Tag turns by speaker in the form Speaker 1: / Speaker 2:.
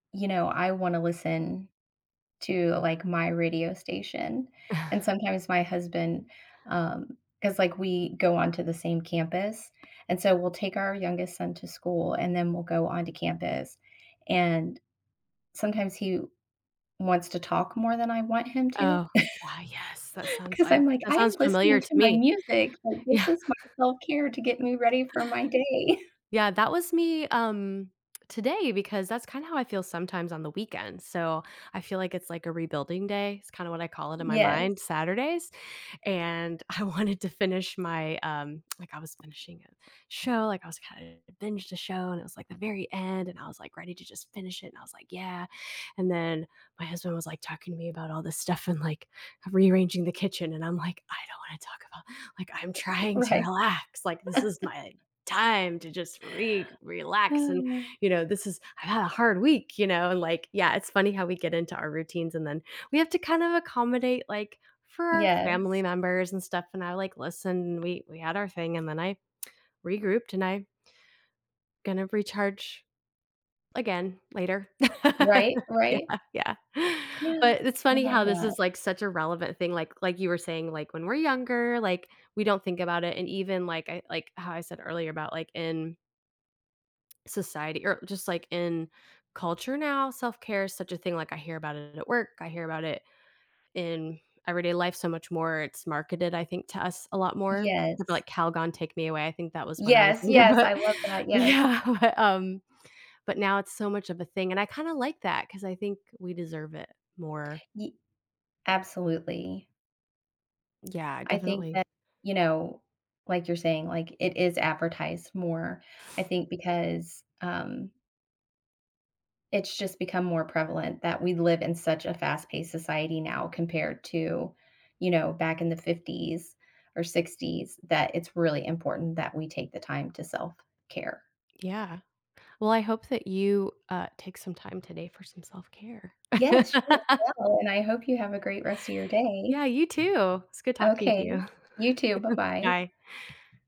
Speaker 1: You know, I wanna listen, to, like, my radio station, and sometimes my husband, um 'cause, like, we go onto the same campus, and so we'll take our youngest son to school and then we'll go onto campus and sometimes he wants to talk more than I want him to.
Speaker 2: Oh, yeah, yes, that sounds,
Speaker 1: 'Cause
Speaker 2: like
Speaker 1: I'm, like,
Speaker 2: that
Speaker 1: "I'm
Speaker 2: sounds
Speaker 1: listening
Speaker 2: familiar to
Speaker 1: to my
Speaker 2: me.
Speaker 1: music," like,
Speaker 2: Yeah.
Speaker 1: "this is my self-care to get me ready for my day."
Speaker 2: Yeah, that was me, um, today because that's kinda how I feel sometimes on the weekends, so I feel like it's, like, a rebuilding day, it's kinda what I call it in my mind,
Speaker 1: Yes.
Speaker 2: Saturdays, and I wanted to finish my, um like, I was finishing a show, like, I was kinda binged a show, and it was, like, the very end, and I was, like, ready to just finish it, and I was, like, "Yeah." And then my husband was, like, talking to me about all this stuff and, like, rearranging the kitchen, and I'm, like, "I don't wanna talk about like, I'm trying to
Speaker 1: Right.
Speaker 2: relax, like, this is my time to just re relax and, you know, this is I had a hard week," you know? And, like yeah, it's funny how we get into our routines and then we have to kinda accommodate, like, for our family
Speaker 1: Yes.
Speaker 2: members and stuff, and I, like, listen, we we had our thing and then I regrouped and I gonna recharge, again, later.
Speaker 1: Right, right.
Speaker 2: Yeah, yeah. But, it's
Speaker 1: I
Speaker 2: funny
Speaker 1: love
Speaker 2: how this
Speaker 1: that.
Speaker 2: is, like, such a relevant thing, like like, you were saying, like, when we're younger, like, we don't think about it and even, like, I like, how I said earlier about, like, in society or just, like, in culture now, self-care is such a thing, like, I hear about it at work, I hear about it in everyday life so much more, it's marketed, I think, to us a lot more,
Speaker 1: Yes.
Speaker 2: like, Calgon Take Me Away, I think that was when I was
Speaker 1: Yes,
Speaker 2: younger,
Speaker 1: yes, I
Speaker 2: but
Speaker 1: love that, yes.
Speaker 2: yeah, but, um but, now it's so much of a thing and I kinda, like, that 'cause I think we deserve it more.
Speaker 1: Ye Absolutely.
Speaker 2: Yeah,
Speaker 1: I think
Speaker 2: definitely.
Speaker 1: that, you know, like, you're saying, like, it is advertised more, I think because, um it's just become more prevalent that we live in such a fast-paced society now compared to, you know, back in the '50s or '60s that it's really important that we take the time to self-care.
Speaker 2: Yeah. Well, I hope that you, uh, take some time today for some self-care.
Speaker 1: Yes, you as well, and I hope you have a great rest of your day.
Speaker 2: Yeah, you too, it's good talking to you.
Speaker 1: Okay. You too, bye-bye.
Speaker 2: Bye.